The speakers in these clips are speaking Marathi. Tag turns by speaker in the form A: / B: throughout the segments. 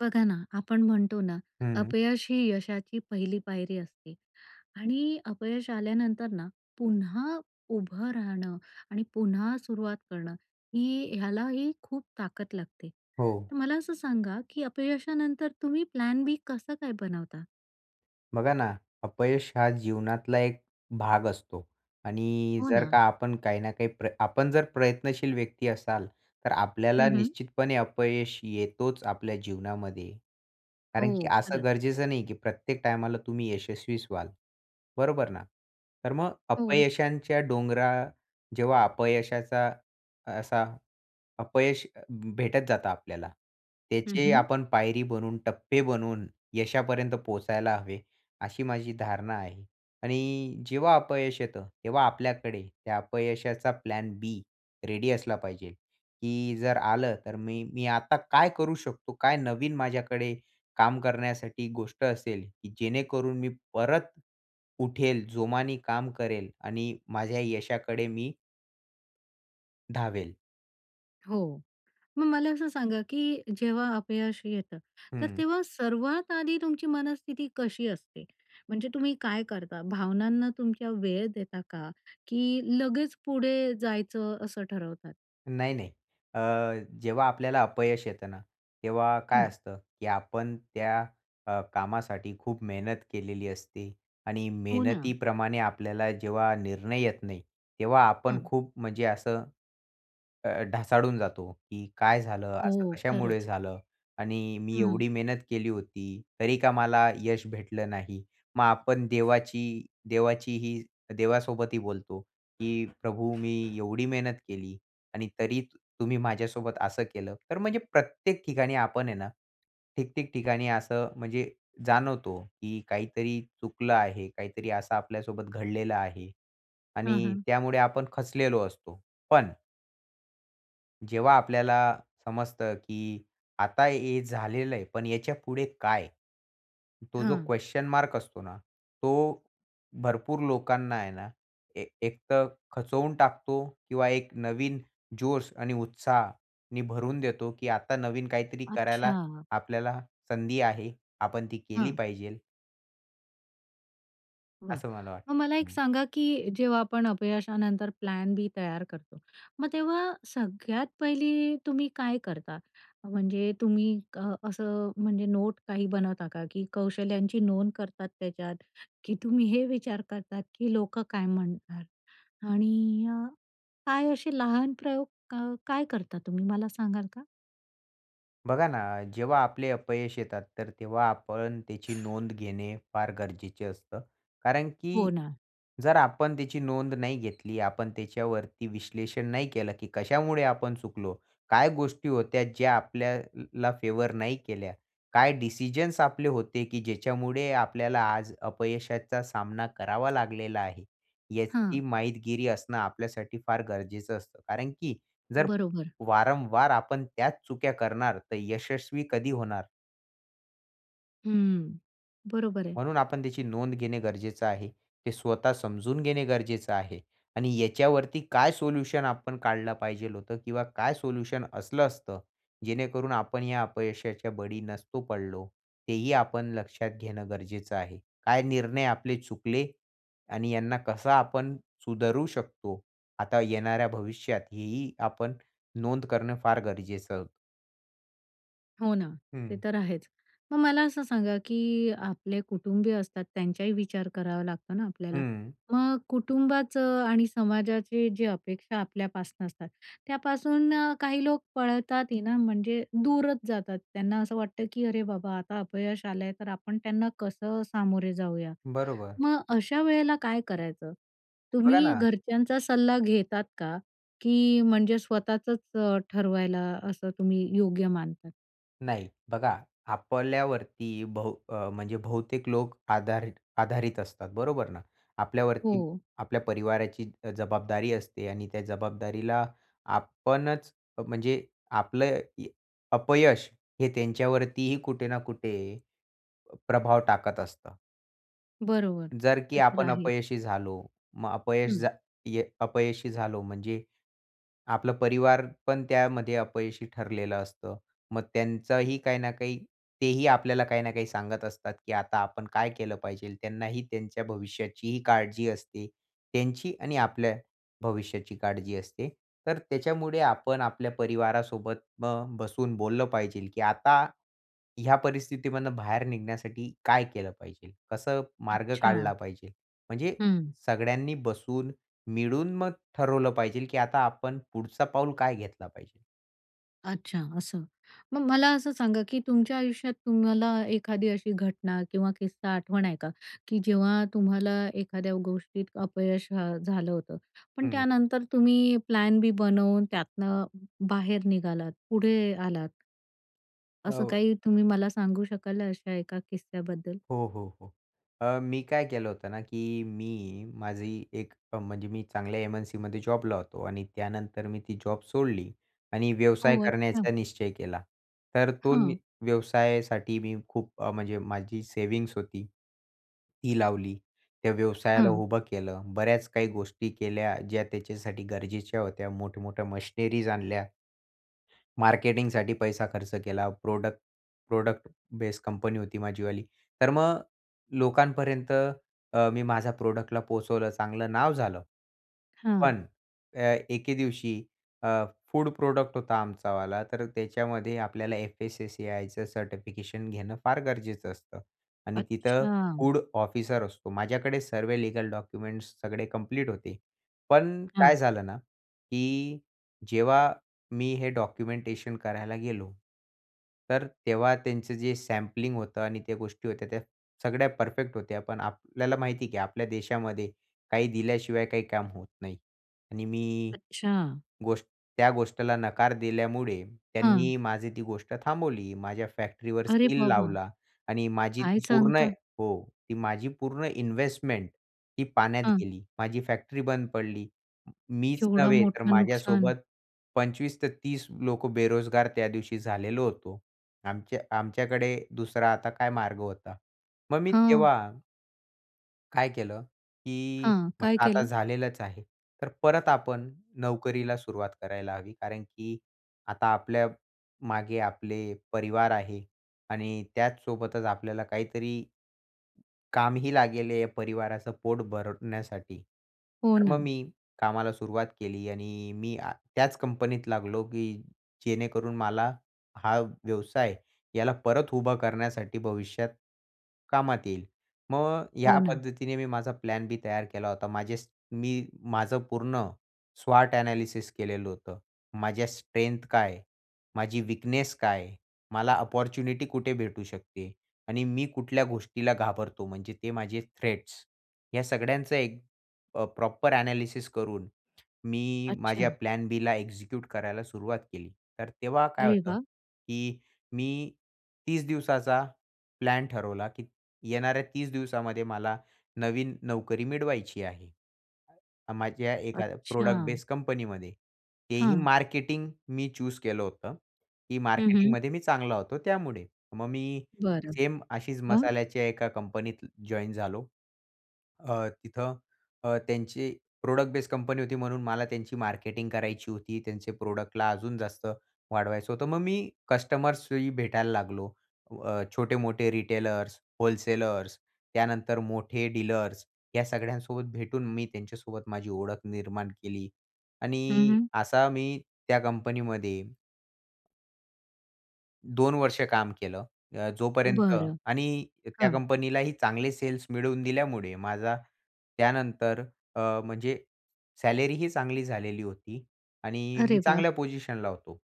A: बघा ना, आपण म्हणतो ना,
B: हं, हं.
A: अपयश ही यशाची पहिली पायरी असते आणि अपयश आल्यानंतर ना पुन्हा उभं राहणं आणि पुन्हा सुरुवात करणं ही ह्यालाही खूप ताकद लागते.
B: हो.
A: तर मला असं सांगा, की अपयशानंतर तुम्ही प्लॅन बी कसं काय बनवता?
B: बघा ना, अपयश हा जीवनातला एक भाग असतो आणि
A: हो
B: जर
A: ना.
B: का आपण काही ना काही प्र आपण जर प्रयत्नशील व्यक्ती असाल तर आपल्याला
A: हं, हं.
B: निश्चितपणे अपयश येतोच आपल्या जीवनामध्ये.
A: हो,
B: कारण की असं
A: खरंच.
B: गरजेचं नाही, की प्रत्येक टायमाला तुम्ही यशस्वी व्हाल, बरोबर ना? तर मग
A: हो.
B: अपयशांच्या डोंगरा जेव्हा अपयशाचा असा अपयश अ, भेटत जातं आपल्याला,
A: हं,
B: त्याचे
A: हं.
B: आपण पायरी बनून, टप्पे बनवून यशापर्यंत पोहोचायला हवे, अशी माझी धारणा आहे. आणि जेव्हा अपयश येतं, तेव्हा आपल्याकडे त्या अपयशाचा प्लॅन बी रेडी असला पाहिजे, की जर आलं तर मी मी आता काय करू शकतो, काय नवीन माझ्याकडे काम करण्यासाठी गोष्ट असेल, की जेणेकरून मी परत उठेल, जोमाने काम करेल आणि माझ्या यशाकडे मी धावेल.
A: हो, मग मला असं सांगा की जेव्हा अपयश येतं, तर
B: हं.
A: तेव्हा सर्वात आधी तुमची मनस्थिती कशी असते? म्हणजे तुम्ही काय करता, भावनांना तुमच्या वेळ देता का? की लगेच पुढे जायचं असं ठरवतात?
B: नाही, नाही. अ, जेव्हा आपल्याला अपयश येतं ना तेव्हा
A: हं.
B: काय असतं, की आपण त्या अ, कामासाठी खूप मेहनत केलेली असते आणि
A: हो ना.
B: मेहनतीप्रमाणे आपल्याला जेव्हा निर्णय येत नाही. तेव्हा आपण
A: हं.
B: खूप म्हणजे असं अ, ढासाळून जातो की काय झालं, असं
A: हो
B: कशामुळे
A: खरंच.
B: झालं? आणि मी
A: हं.
B: एवढी मेहनत केली होती, तरी का मला यश भेटलं नाही. मग आपण देवाची देवाची ही देवासोबतही बोलतो, की प्रभू मी एवढी मेहनत केली आणि तरी तुम्ही माझ्यासोबत असं केलं. तर म्हणजे प्रत्येक ठिकाणी आपण आहे ना ठिकठिक ठिकाणी असं म्हणजे जाणवतो की काहीतरी चुकलं आहे. काहीतरी असं आपल्यासोबत घडलेलं आहे
A: हं,
B: आणि
A: हं.
B: त्यामुळे आपण खचलेलो असतो. पण जेव्हा आपल्याला समजतं, की आता हे झालेलं आहे, पण याच्या पुढे काय? तो जो
A: हां.
B: क्वेस्चन मार्क असतो ना, तो भरपूर लोकांना आहे ना, ए एक तर खचवून टाकतो, किंवा एक नवीन जोश आणि उत्साहाने भरून देतो, की आता नवीन काहीतरी करायला
A: अच्छा.
B: आपल्याला संधी आहे, आपण ती केली
A: हां.
B: पाहिजेल
A: वाह!
B: असं मला
A: मग मला
B: वाटतं.
A: एक
B: हं.
A: सांगा, की जेव्हा आपण अपयशानंतर प्लॅन बी तयार करतो, मग तेव्हा, सगळ्यात पहिली तुम्ही काय करता? म्हणजे तुम्ही, अ, असं अ, म्हणजे नोट काही बनवता का, की कौशल्यांची नोंद करतात त्याच्यात? की तुम्ही हे विचार करतात, की लोकं काय म्हणणार? आणि अ, काय असे लहान प्रयोग, अ, काय करता तुम्ही, मला सांगाल का?
B: बघा ना, जेव्हा आपले अपयश येतात, तर तेव्हा आपण त्याची नोंद घेणे फार गरजेचं असतं. कारण, की
A: हो, ना.
B: जर आपण त्याची नोंद नाही घेतली, आपण त्याच्यावरती विश्लेषण नाही केलं, की कशामुळे आपण चुकलो, काय गोष्टी होत्या ज्या आपल्याला फेव्हर नाही केल्या. काय डिसिजन्स आपले होते, की ज्याच्यामुळे आपल्याला आज अपयशाचा सामना करावा लागलेला आहे, याची
A: हां.
B: माहितगीरी असणं आपल्यासाठी फार गरजेचं असतं. कारण, की जर
A: बरोबर.
B: वारंवार आपण त्याच चुका करणार, तर यशस्वी कधी होणार?
A: हम्म, बरोबर आहे.
B: म्हणून आपण त्याची नोंद घेणे गरजेचं आहे, ते स्वतः समजून घेणे गरजेचं आहे आणि याच्यावरती काय सोल्युशन आपण काढलं पाहिजे होतं किंवा काय सोल्युशन असलं असतं, जेणेकरून आपण या अपयशाच्या बळी नसतो पडलो, तेही आपण लक्षात घेणं गरजेचं आहे. काय निर्णय आपले चुकले आणि यांना कसा आपण सुधारू शकतो, आता येणाऱ्या भविष्यात, हेही आपण नोंद करणं फार गरजेचं
A: हो ना. ते
B: हं.
A: तर आहेच. मग मला असं सांगा, की आपले कुटुंबीय असतात, त्यांचाही विचार करावा लागतो ना, आपल्याला.
B: हं.
A: मग कुटुंबाचं आणि समाजाचे जे अपेक्षा आपल्यापासनं असतात, त्यापासून, अ, काही लोक पळतात ना, म्हणजे दूरच जातात. त्यांना असं वाटतं, की "अरे बाबा, आता अपयश आलं आहे, तर आपण त्यांना कसं सामोरे जाऊया?"
B: बरोबर.
A: मग अशा वेळेला काय करायचं?
B: बघा
A: तुम्ही
B: ना
A: घरच्यांचा सल्ला घेतात का, की म्हणजे स्वतःचंच अ, ठरवायला, असं तुम्ही योग्य मानतात?
B: नाही. बघा, आपल्यावरती बहु अ, म्हणजे बहुतेक लोक आधार आधारित असतात, बरोबर ना. आपल्यावरती
A: हो.
B: आपल्या परिवाराची अ, जबाबदारी असते आणि त्या जबाबदारीला आपणच, म्हणजे आपलं य अपयश हे त्यांच्यावरतीही कुठे ना, कुठे प्रभाव टाकत असतं.
A: बरोबर.
B: जर की
A: ते तर
B: आपण
A: आहे.
B: अपयशी झालो, मग अपयश,
A: हं.
B: जा ये अपयशी झालो, म्हणजे आपलं परिवार पण त्यामध्ये अपयशी ठरलेलं असतं. मग त्यांचंही काही ना काही तेही आपल्याला काही ना काही सांगत असतात, की आता आपण काय केलं पाहिजे. त्यांनाही त्यांच्या भविष्याचीही काळजी असते, त्यांची आणि आपल्या भविष्याची काळजी असते. तर त्याच्यामुळे आपण आपल्या परिवारासोबत अ, बसून बोललं पाहिजे, की आता या परिस्थितीमधून बाहेर निघण्यासाठी काय केलं पाहिजे? कसं मार्ग
A: अच्छा.
B: काढला पाहिजे? म्हणजे
A: हं.
B: सगळ्यांनी बसून, मिळून, मग ठरवलं पाहिजे, की आता आपण पुढचं पाऊल काय घेतलं पाहिजे.
A: अच्छा. असं. मग मला असं सांगा, की तुमच्या आयुष्यात तुम्हाला एखादी अशी घटना किंवा किस्सा आठवण आहे का, की जेव्हा तुम्हाला एखाद्या गोष्टीत अपयश, अ, झालं होतं? पण
B: हं.
A: त्यानंतर तुम्ही प्लॅन बी बनवून, त्यातून बाहेर निघालात, पुढे आलात. असं
B: हो.
A: काही तुम्ही मला सांगू शकाल, अशा एका किस्स्याबद्दल?
B: हो, हो, हो. अ, मी काय केलं होतं ना, की मी माझी एक, अ, म्हणजे मी चांगल्या एम-एन-सीमध्ये जॉबला होतो. आणि त्यानंतर मी ती जॉब सोडली आणि व्यवसाय
A: ओह, अच्छा.
B: करण्याचा निश्चय केला. तर तो नी
A: हं.
B: व्यवसायासाठी मी खूप, अ, म्हणजे माझी सेविंग्स होती, ती लावली. त्या व्यवसायाला
A: हं.
B: उभं केलं. बऱ्याच काही गोष्टी केल्या, ज्या त्याच्यासाठी गरजेच्या होत्या. मोठ्या-मोठ्या मशिनरीज आणल्या. मार्केटिंगसाठी पैसा खर्च केला. प्रोडक्ट प्रोडक्ट बेस कंपनी होती माझी वाली. तर मग लोकांपर्यंत, अ, मी माझा प्रॉडक्टला पोहोचवलं, चांगलं नाव झालं.
A: हां.
B: पण, अ, एके दिवशी, अ, फूड प्रोडक्ट होता आमचावाला, तर त्याच्यामध्ये आपल्याला एफ-एस-एस-सी-आयचं सर्टिफिकेशन घेणं फार गरजेचं असतं. आणि तिथं
A: अच्छा.
B: फूड ऑफिसर असतो. माझ्याकडे सर्वे लीगल डॉक्युमेंट्स सगळे कंप्लीट होते. पण काय
A: हं.
B: झालं ना, की जेव्हा मी हे डॉक्युमेंटेशन करायला गेलो, तर तेव्हा त्यांचं जे सॅम्पलिंग होतं आणि त्या गोष्टी होत्या, त्या सगळ्या परफेक्ट होत्या. पण आपल्याला माहिती आहे, की आपल्या देशामध्ये काही दिल्याशिवाय काही काम होत नाही. आणि मी
A: अच्छा.
B: गोष्ट त्या गोष्टीला नकार दिल्यामुळे,
A: हं.
B: त्यांनी माझी ती गोष्ट थांबवली. माझ्या फॅक्ट्रीवर
A: अरे
B: सील
A: बाबा!
B: लावला आणि माझी
A: काय
B: ती पूर्ण
A: सांगता?
B: हो, ती माझी पूर्ण इन्व्हेस्टमेंट ती पाण्यात
A: हं.
B: गेली. माझी फॅक्ट्री बंद पडली. मीच
A: केवढा
B: नव्हे, तर
A: मोठं नुकसान!
B: माझ्यासोबत 25 ते 30 लोकं बेरोजगार त्यादिवशी झालेलो होतो. आमच्या आमच्याकडे दुसरा आता काय मार्ग होता, मग मी
A: हं.
B: तेव्हा काय केलं, की
A: हां, काय
B: म्हटलं आता
A: केलं?
B: झालेलंच आहे, तर परत आपण नोकरीला सुरुवात करायला हवी, कारण की आता आपल्या मागे आपले परिवार आहे आणि त्याचसोबतच आपल्याला काहीतरी कामही लागेल या परिवाराचं पोट भरण्यासाठी.
A: हो
B: तर मग
A: ना.
B: मी कामाला सुरुवात केली आणि मी आ त्याच कंपनीत लागलो, की जेणेकरून मला हा व्यवसाय याला परत उभा करण्यासाठी भविष्यात कामात येईल. मग या
A: हो ना.
B: पद्धतीने मी माझा प्लॅन बी तयार केला होता. माझ्या स मी माझं पूर्ण स्वॉट अ‍ॅनालिसिस केलेलं होतं. माझ्या स्ट्रेंथ काय आहे? माझी वीकनेस काय आहे? मला अपॉर्च्युनिटी कुठे भेटू शकते आणि मी कुठल्या गोष्टीला घाबरतो, म्हणजे ते माझे थ्रेड्स. ह्या सगळ्यांचं एक अ, प्रॉपर एनालिसिस करून, मी माझ्या
A: अच्छा.
B: प्लॅन बीला एक्झिक्यूट करायला सुरुवात केली. तर तेव्हा काय
A: अरे
B: होतं,
A: वाह!
B: की मी 30 दिवसाचा प्लॅन ठरवला, की येणाऱ्या 30 दिवसामध्ये मला नवीन नोकरी मिळवायची आहे अ, माझ्या एका प्रोडक्ट
A: अच्छा.
B: बेस कंपनीमध्ये. तेही
A: हां.
B: मार्केटिंग मी चूज केलं होतं, की
A: हं, हं.
B: मार्केटिंगमध्ये मी चांगला होतो त्यामुळे. मग मी
A: बरं,
B: सेम अशीच
A: मग?
B: मसाल्याच्या एका कंपनीत जॉइन झालो. अ, तिथं त्यांचे अ, प्रोडक्ट बेस कंपनी होती, म्हणून मला त्यांची मार्केटिंग करायची होती, त्यांचे प्रोडक्टला अजून जास्त वाढवायचं होतं. मग मी कस्टमर्सही भेटायला लागलो. उ, अ, छोटे-मोठे रिटेलर्स, होलसेलर्स, त्यानंतर मोठे डीलर्स. या सगळ्यांसोबत भेटून, मी त्यांच्यासोबत माझी ओळख निर्माण केली,
A: हं,
B: आणि
A: हं.
B: असा मी त्या कंपनीमध्ये 2 वर्ष काम केलं. अ, जोपर्यंत
A: बरं.
B: आणि त्या
A: हां.
B: कंपनीलाही चांगले सेल्स मिळवून दिल्यामुळे माझा त्यानंतर अ, म्हणजे सॅलरीही चांगली झालेली होती आणि मी
A: अरे वाह!
B: चांगल्या पोझिशनला होतो.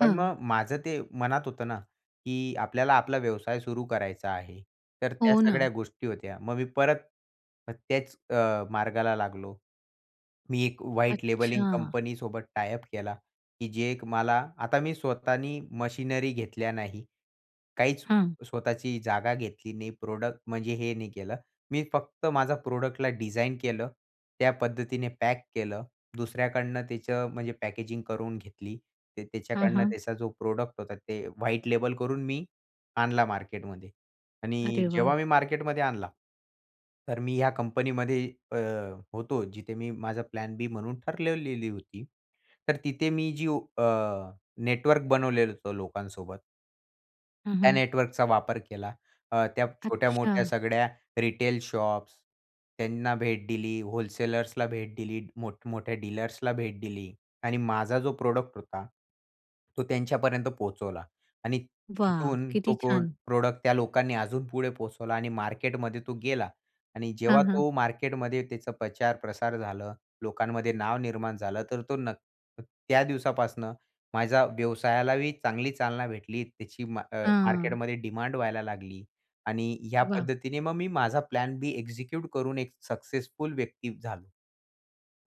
B: पण मग माझं ते मनात होतं ना, की आपल्याला आपला व्यवसाय सुरू करायचा आहे, तर त्या
A: हो,
B: सगळ्या
A: ना.
B: गोष्टी होत्या. मग मी परत त्याच अ, मार्गाला लागलो. मी एक व्हाईट लेबलिंग
A: अच्छा!
B: कंपनीसोबत टायअप केला, की जे एक मला आता मी स्वतःनी मशिनरी घेतल्या नाही, काहीच
A: हां.
B: स्वतःची जागा घेतली नाही, प्रोडक्ट म्हणजे हे नाही केलं. मी फक्त माझा प्रोडक्टला डिझाईन केलं त्या पद्धतीने पॅक केलं, दुसऱ्याकडनं त्याचं, म्हणजे पॅकेजिंग करून घेतली ते
A: हां,
B: त्याच्याकडनं
A: हां.
B: त्याचा जो प्रोडक्ट होता ते व्हाईट लेबल करून मी आणला मार्केटमध्ये. आणि
A: अरे वाह!
B: जेव्हा मी मार्केटमध्ये आणला तर मी ह्या कंपनीमध्ये अ, होतो, जिथे मी माझा प्लॅन बी म्हणून ठरवलेली होती. तर तिथे मी जी अ, नेटवर्क बनवलेलं होतं लोकांसोबत
A: हं,
B: त्या
A: हं.
B: नेटवर्कचा वापर केला, अ, त्या छोट्या-मोठ्या
A: अच्छा.
B: सगळ्या रिटेल शॉप्स त्यांना भेट दिली, व्होलसेलर्सला भेट दिली, मोठ्या-मोठ्या डीलर्सला भेट दिली आणि माझा जो प्रोडक्ट होता, तो त्यांच्यापर्यंत पोहोचवला आणि
A: वाह!
B: तिथून तो
A: किती
B: प्रो
A: छान.
B: प्रोडक्ट त्या लोकांनी अजून पुढे पोहोचवला आणि मार्केटमध्ये तो गेला आणि जेव्हा
A: हां, हां.
B: तो मार्केटमध्ये त्याचा प्रचार प्रसार झालं, लोकांमध्ये नाव निर्माण झालं, तर तो न त्या दिवसापासून माझ्या व्यवसायालाही चांगली चालना भेटली. त्याची, म अ,
A: हां.
B: मार्केटमध्ये डिमांड व्हायला लागली आणि या
A: वाह!
B: पद्धतीने मग मी माझा प्लॅन बी एक्झिक्यूट करून एक सक्सेसफुल व्यक्ती झालो.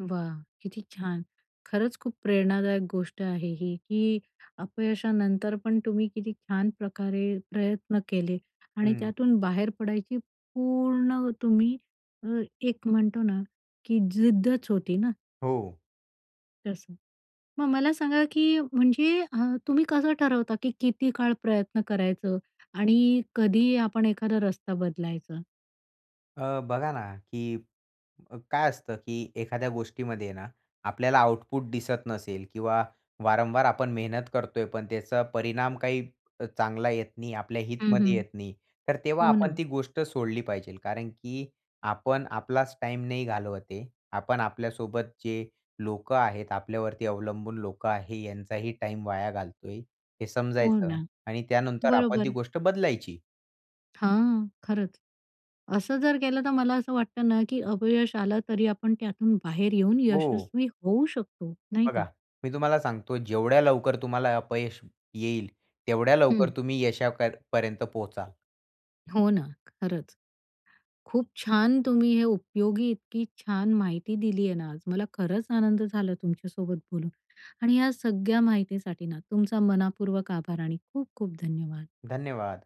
A: वाह! किती छान! खरंच खूप प्रेरणादायक गोष्ट आहे ही, की अपयशानंतर पण तुम्ही किती छान प्रकारे प्रयत्न केले आणि
B: हं.
A: त्यातून बाहेर पडायची पूर्ण तुम्ही, अ, एक म्हणतो ना, की जिद्दच होती ना.
B: हो.
A: तसं, मग मला सांगा, की म्हणजे अ, तुम्ही कसं ठरवता, की किती काळ प्रयत्न करायचं आणि कधी आपण एखादा रस्ता बदलायचं?
B: अ, बघा ना, की अ, काय असतं, की एखाद्या गोष्टीमध्ये ना, आपल्याला आउटपुट दिसत नसेल किंवा वारंवार आपण मेहनत करतोय, पण त्याचा परिणाम काही अ, चांगला येत नाही, आपल्या
A: हं, हं,
B: हितमध्ये येत नाही, तर तेव्हा
A: हो
B: आपण
A: ना.
B: ती गोष्ट सोडली पाहिजे. कारण की आपण आपलाच टाईम नाही घालवत आहे, आपण आपल्यासोबत जे लोकं आहेत, आपल्यावरती अवलंबून लोकं आहे, यांचाही टाईम वाया घालतोय, हे
A: हो
B: समजायचं
A: ना,
B: आणि त्यानंतर आपण ती
A: बरोबर.
B: गोष्ट बदलायची.
A: हां, खरंच, असं जर केलं, तर मला असं वाटतं ना, की अपयश आलं तरी आपण त्यातून बाहेर येऊन
B: हो.
A: यशस्वी होऊ शकतो, नाही
B: बघा,
A: का?
B: मी तुम्हाला सांगतो, जेवढ्या लवकर तुम्हाला अपयश येईल, तेवढ्या लवकर
A: हं.
B: तुम्ही यशाकड पर्यंत पोहोचाल.
A: हो ना, खरंच, खूप छान. तुम्ही हे उपयोगी, इतकी छान माहिती दिलीये ना आज. मला खरंच आनंद झाला तुमच्या सोबत बोलून आणि या सगळ्या माहितीसाठी ना, तुमचा मनापूर्वक आभार आणि खूप-खूप धन्यवाद.
B: धन्यवाद.